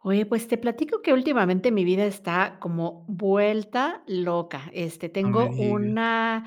Oye, pues te platico que últimamente mi vida está como vuelta loca, este, No me tengo digas. una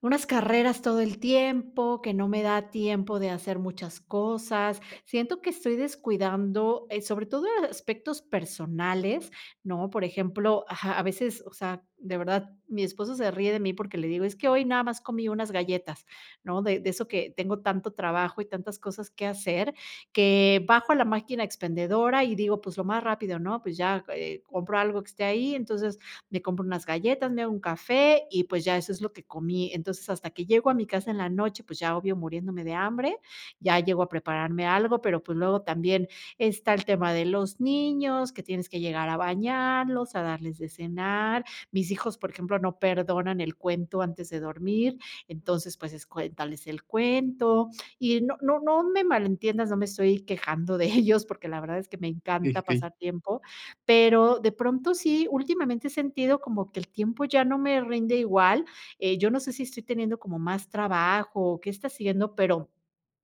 unas carreras todo el tiempo que no me da tiempo de hacer muchas cosas, siento que estoy descuidando, eh, sobre todo aspectos personales, ¿no? Por ejemplo ajá, a veces, o sea, de verdad, mi esposo se ríe de mí porque le digo: "Es que hoy nada más comí unas galletas", ¿no? De de eso que tengo tanto trabajo y tantas cosas que hacer, que bajo a la máquina expendedora y digo: "Pues lo más rápido", ¿no? Pues ya, eh, compro algo que esté ahí, entonces me compro unas galletas, me hago un café y pues ya eso es lo que comí entonces, hasta que llego a mi casa en la noche, pues ya obvio muriéndome de hambre, ya llego a prepararme algo, pero pues luego también está el tema de los niños, que tienes que llegar a bañarlos, a darles de cenar, mis hijos, por ejemplo, no perdonan el cuento antes de dormir, entonces pues es cuéntales el cuento y no no no me malentiendas, no me estoy quejando de ellos, porque la verdad es que me Sí, encanta sí. pasar tiempo, pero de pronto sí, últimamente he sentido como que el tiempo ya no me rinde igual, eh, yo no sé si estoy teniendo como más trabajo o qué está siendo, pero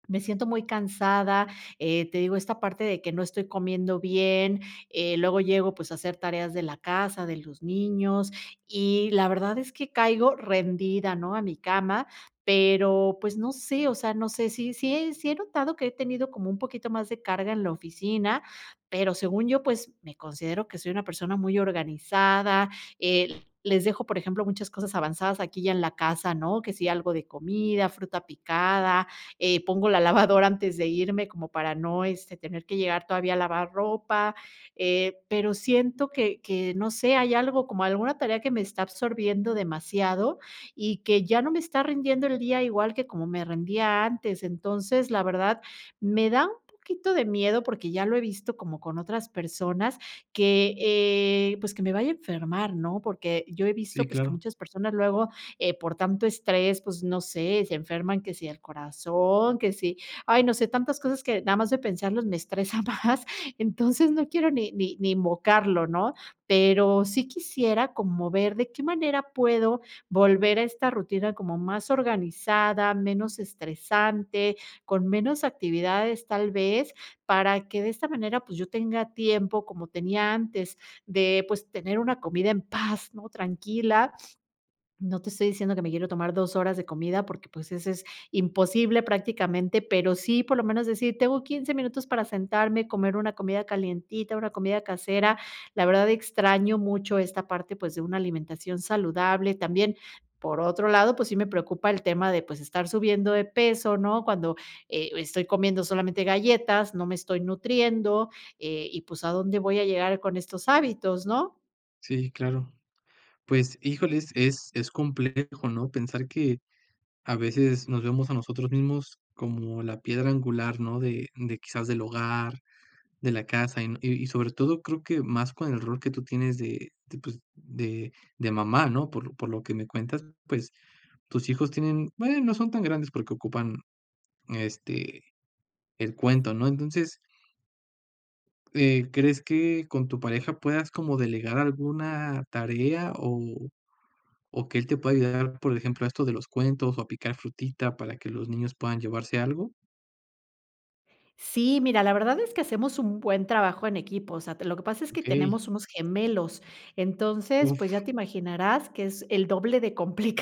me siento muy cansada, eh, te digo esta parte de que no estoy comiendo bien, eh, luego llego, pues, a hacer tareas de la casa, de los niños, y la verdad es que caigo rendida, ¿no? a mi cama, pero, pues no sé, o sea, no sé si si si he notado que he tenido como un poquito más de carga en la oficina, pero según yo, pues me considero que soy una persona muy organizada, eh, les dejo, por ejemplo, muchas cosas avanzadas aquí ya en la casa, ¿no? Que si, algo de comida, fruta picada, eh, pongo la lavadora antes de irme como para no, este, tener que llegar todavía a lavar ropa, eh, pero siento que que, no sé, hay algo como alguna tarea que me está absorbiendo demasiado y que ya no me está rindiendo el día igual que como me rendía antes, entonces, la verdad, me da un poquito de miedo, porque ya lo he visto como con otras personas que, eh, pues, que me vaya a enfermar, ¿no? Porque yo he visto, Sí, pues, que claro. muchas personas luego, eh, por tanto estrés, pues no sé, se enferman, que sí el corazón, que sí ay, no sé, tantas cosas que nada más de pensarlos me estresa más, entonces no quiero ni ni ni invocarlo, ¿no? Pero sí quisiera como ver de qué manera puedo volver a esta rutina como más organizada, menos estresante, con menos actividades tal vez, para que de esta manera, pues, yo tenga tiempo como tenía antes de, pues, tener una comida en paz, ¿no? tranquila. No te estoy diciendo que me quiero tomar 2 horas de comida porque, pues, ese es imposible prácticamente, pero sí, por lo menos decir, tengo 15 minutos para sentarme, comer una comida calientita, una comida casera, la verdad extraño mucho esta parte, pues, de una alimentación saludable, también, por otro lado, pues, sí me preocupa el tema de, pues, estar subiendo de peso, ¿no? Cuando, eh, estoy comiendo solamente galletas, no me estoy nutriendo, eh, y pues, ¿a dónde voy a llegar con estos hábitos?, ¿no? Sí, claro, pues híjole, es es es complejo, ¿no?, pensar que a veces nos vemos a nosotros mismos como la piedra angular, ¿no?, de de quizás del hogar, de la casa y y sobre todo creo que más con el rol que tú tienes de de pues de de mamá, ¿no?, por por lo que me cuentas, pues, tus hijos tienen, bueno, no son tan grandes porque ocupan este el cuento, ¿no?, entonces eh, ¿crees que con tu pareja puedas como delegar alguna tarea o o que él te pueda ayudar, por ejemplo, a esto de los cuentos o a picar frutita para que los niños puedan llevarse algo? Sí, mira, la verdad es que hacemos un buen trabajo en equipo, o sea, te lo que pasa es que Okey. tenemos unos gemelos, entonces, pues ya Uf. te imaginarás que es el doble de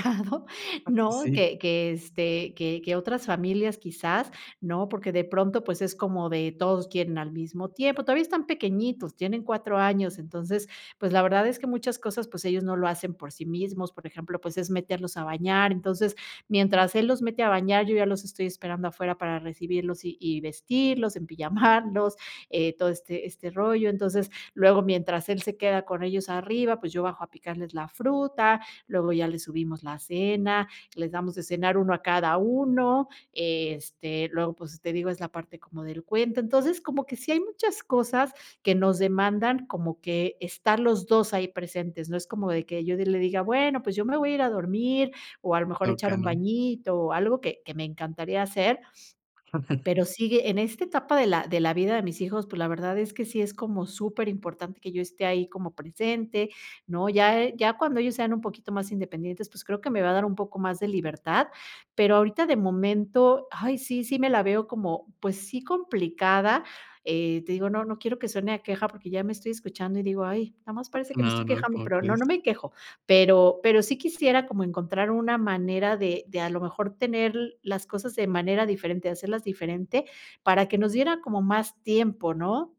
complicado, Ah, pues ¿no?, sí. que que, este, que que otras familias quizás, ¿no?, porque de pronto, pues es como de todos quieren al mismo tiempo. Todavía están pequeñitos, tienen 4 años, entonces, pues la verdad es que muchas cosas, pues ellos no lo hacen por sí mismos, por ejemplo, pues es meterlos a bañar, entonces mientras él los mete a bañar, yo ya los estoy esperando afuera para recibirlos y y vestirlos, empijamarlos, eh, todo este este rollo, entonces luego mientras él se queda con ellos arriba, pues yo bajo a picarles la fruta, luego ya les subimos la cena, les damos de cenar 1 a cada 1, este, luego, pues, te digo, es la parte como del cuento, entonces, como que sí hay muchas cosas que nos demandan como que estar los 2 ahí presentes, no es como de que yo de le diga: "Bueno, pues yo me voy a ir a dormir, o a lo mejor a echar Toca, un ¿no? bañito", o algo que que me encantaría hacer, pero sigue en esta etapa de la de la vida de mis hijos, pues la verdad es que sí es como superimportante que yo esté ahí como presente, ¿no?, ya ya cuando ellos sean un poquito más independientes, pues creo que me va a dar un poco más de libertad, pero ahorita de momento, ay, sí sí me la veo como, pues sí, complicada, eh te digo no no quiero que suene a queja porque ya me estoy escuchando y digo: "Ay, nada más [unintelligible] parece que me No estoy no, quejando", ¿cómo pero no crees? no me quejo. Pero pero sí quisiera como encontrar una manera de de a lo mejor tener l las cosas de manera diferente, hacerlas diferente, para que nos diera como más tiempo, ¿no?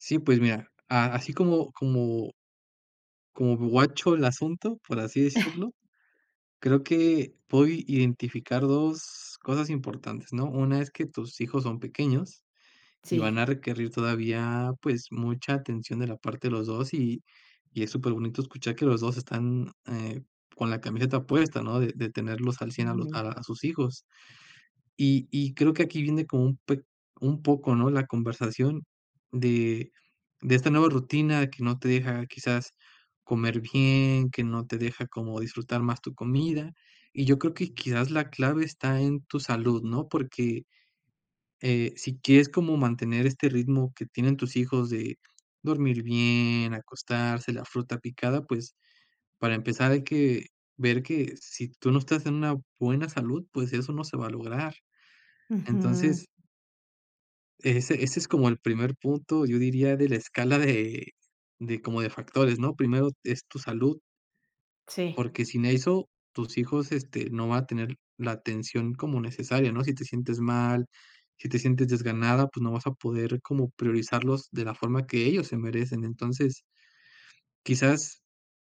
Sí, pues mira, a así como como como guacho el asunto, por así decirlo, creo que puedo i identificar 2 cosas importantes, ¿no?, una es que tus hijos son pequeños y Sí. van a requerir todavía, pues, mucha atención de la parte de los 2 y y es superbonito escuchar que los 2 están, eh, con la camiseta puesta, ¿no?, de de tenerlos al 100 a los Ujú. a sus hijos, y y creo que aquí viene como un peq un poco, ¿no?, la conversación de de esta nueva rutina que no te deja quizás, comer bien, que no te deja como disfrutar más tu comida, y yo creo que quizás, la clave está en tu salud, ¿no?, porque, eh, si quieres como mantener este ritmo que tienen tus hijos de dormir bien, acostarse, la fruta picada, pues, para empezar hay que, ver que si tú no estás en una buena salud, pues, eso no se va a lograr. Ujú. Entonces ese ese es como el primer punto, yo diría, de la escala de de como de factores, ¿no?, primero es tu salud. Sí. Porque sin eso, tus hijos, este, no van a tener la atención como necesaria, ¿no?, si te sientes mal, si te sientes desganada, pues, no vas a poder como priorizarlos de la forma que ellos se merecen, entonces. Quizás,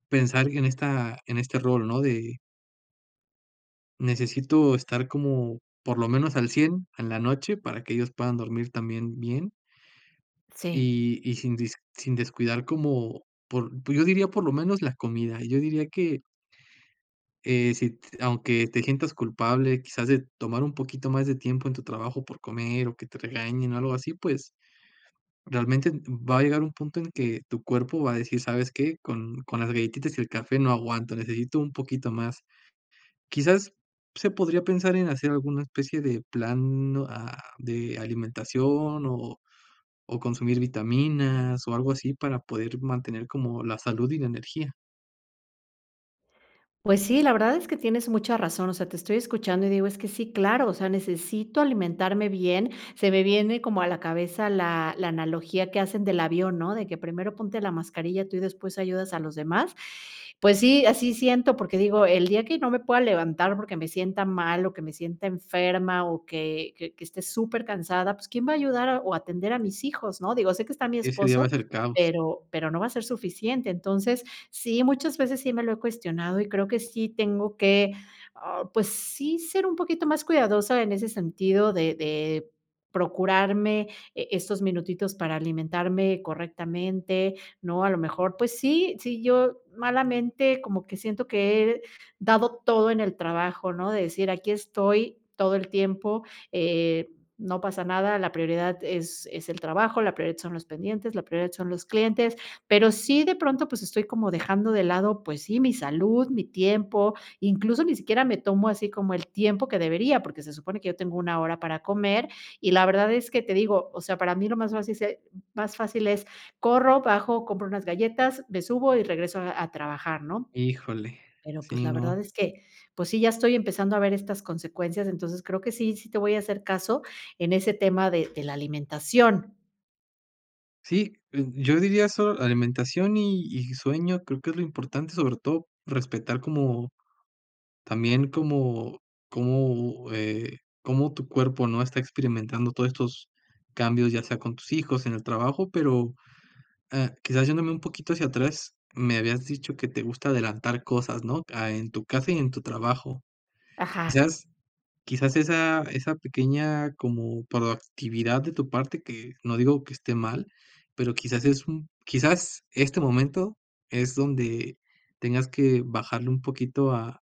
pensar en esta en este rol, ¿no? de Necesito estar como por lo menos al 100 en la noche, para que ellos puedan dormir también bien. Sí. Y y sin dis sin descuidar como por pues, yo diría por lo menos la comida, y yo diría que Eh, si t aunque te sientas culpable, quizás, de tomar un poquito más de tiempo en tu trabajo por comer, o que te regañen o algo así, pues, realmente, va a llegar un punto en que tu cuerpo va a decir: "¿Sabes qué?, con con las galletitas y el café no aguanto, necesito un poquito más". Quizás, se podría pensar en hacer alguna especie de plan a de alimentación, o o consumir vitaminas, o algo así para poder mantener como la salud y la energía. Pues sí, la verdad es que tienes mucha razón, o sea, te estoy escuchando y digo es que sí, claro, o sea, necesito alimentarme bien, se me viene como a la cabeza la la analogía que hacen del avión, ¿no? De que primero ponte la mascarilla tú y después ayudas a los demás. Pues sí, así siento, porque digo, el día que no me pueda levantar porque me sienta mal o que me sienta enferma o que que que esté supercansada, pues, quién va a ayudar o atender a mis hijos, ¿no? Digo, sé que está mi Ese día va esposo, a ser caos. pero pero no va a ser suficiente. Entonces, sí, muchas veces sí me lo he cuestionado y creo que sí tengo que, ah, pues sí, ser un poquito más cuidadosa en ese sentido de de procurarme, eh, estos minutitos para alimentarme correctamente, ¿no? A lo mejor, pues sí sí, yo malamente como que siento que he dado todo en el trabajo, ¿no? De decir, aquí estoy todo el tiempo, eh, no pasa nada, la prioridad es es el trabajo, la prioridad son los pendientes, la prioridad son los clientes, pero sí de pronto, pues, estoy como dejando de lado, pues sí, mi salud, mi tiempo, incluso ni siquiera me tomo así como el tiempo que debería, porque se supone que yo tengo 1, hora para comer, y la verdad es que te digo, o sea, para mí lo más fácil se más fácil es corro, bajo, compro unas galletas, me subo y regreso a a trabajar, ¿no? Híjole. Pero pues, Sí, la verdad no. es que, pues sí, ya estoy empezando a ver estas consecuencias, entonces creo que sí sí te voy a hacer caso en ese tema de de la alimentación. Sí, eh, yo diría solo alimentación y y sueño creo que es lo importante, sobre todo respetar como, también como como, eh, como tu cuerpo, ¿no?, está experimentando todo estos cambios, ya sea con tus hijos, en el trabajo, pero, eh, quizás yéndome un poquito hacia atrás, me habías dicho que te gusta adelantar cosas, ¿no?, ah, en tu casa y en tu trabajo, Ajá. quizás quizás esa esa pequeña como proactividad de tu parte que, no digo que esté mal, pero quizás es un, quizás este momento, es donde tengas que bajarle un poquito, ah,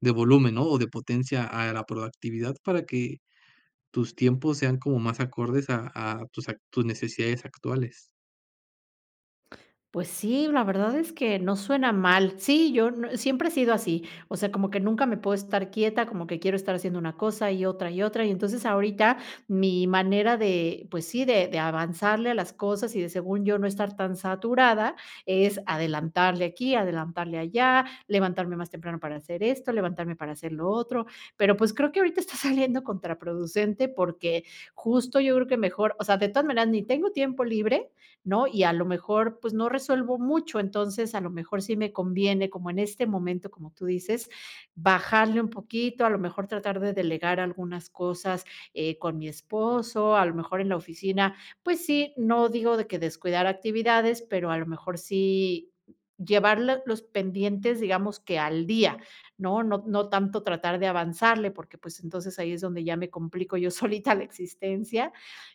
de volumen, ¿no?, o de potencia a la proactividad para que tus tiempos sean como más acordes a a tus a tus necesidades actuales. Pues sí, la verdad es que no suena mal, sí, yo n siempre he sido así, o sea, como que nunca me puedo estar quieta, como que quiero estar haciendo una cosa, y otra y otra, y entonces ahorita mi manera de, pues sí, de de avanzarle a las cosas y de según yo no estar tan saturada, es adelantarle aquí, adelantarle allá, levantarme más temprano para hacer esto, levantarme para hacer lo otro, pero pues, creo que ahorita está saliendo contraproducente porque justo yo creo que mejor, o sea, de todas maneras ni tengo tiempo libre, ¿no?, y a lo mejor, pues, no resuelvo mucho, entonces, a lo mejor, sí me conviene como en este momento, como tú dices: "bajarle un poquito, a lo mejor, tratar de delegar algunas cosas", eh, con mi esposo, a lo mejor, en la oficina, pues sí, no digo de que descuidar actividades, pero, a lo mejor, sí llevar l los pendientes, digamos que al día, ¿no?, no no tanto tratar de avanzarle, porque pues, entonces ahí es donde ya me complico yo solita la existencia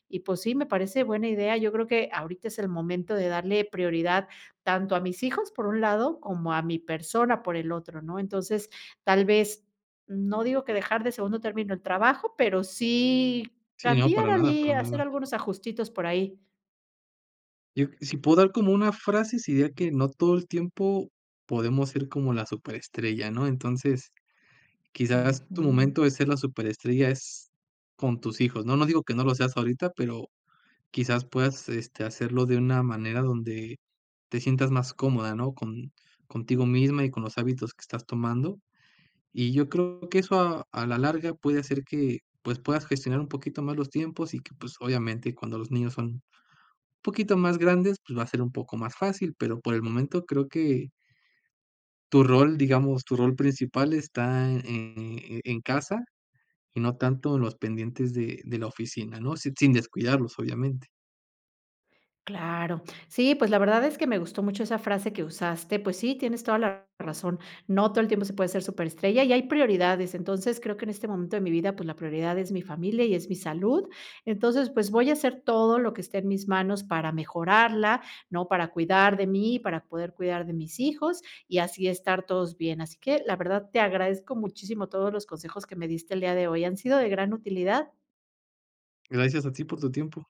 y pues sí, me parece buena idea, yo creo que ahorita es el momento de darle prioridad tanto a mis hijos por un lado, como a mi persona por el otro, ¿no?, entonces tal vez, no digo que dejar de segundo término el trabajo, pero sí, Sí, no, cambiar para nada allí, para hacer nada. algunos ajustitos por ahí. Yo, si puedo dar como una frase, si diría que no todo el tiempo podemos ser como la súper estrella, ¿no?, entonces, quizás tu Ujú. momento de ser la súper estrella es con tus hijos, no no digo que no lo seas ahorita, pero quizás, puedas, este, hacerlo de una manera donde te sientas más cómoda, ¿no?, con contigo misma y con los hábitos que estás tomando, y yo creo que eso a a la larga puede hacer que, pues, puedas gestionar un poquito más los tiempos y que, pues, obviamente, cuando los niños son poquito más grandes, pues, va a ser un poco más fácil, pero por el momento creo que tu rol, digamos tu rol principal está, eh, en casa y no tanto en los pendientes de de la oficina, no si sin descuidarlos obviamente. Claro, sí, pues, la verdad es que me gustó mucho esa frase que usaste, pues sí, tienes toda la razón, no todo el tiempo se puede ser súper estrella y hay prioridades entonces, creo que en este momento de mi vida, pues, la prioridad es mi familia y es mi salud, entonces, pues, voy a hacer todo lo que esté en mis manos para mejorarla, ¿no?, para cuidar de mí, para poder cuidar de mis hijos y así estar todos bien, así que la verdad te agradezco muchísimo todos los consejos que me diste el día de hoy, han sido de gran utilidad. Gracias a ti por tu tiempo.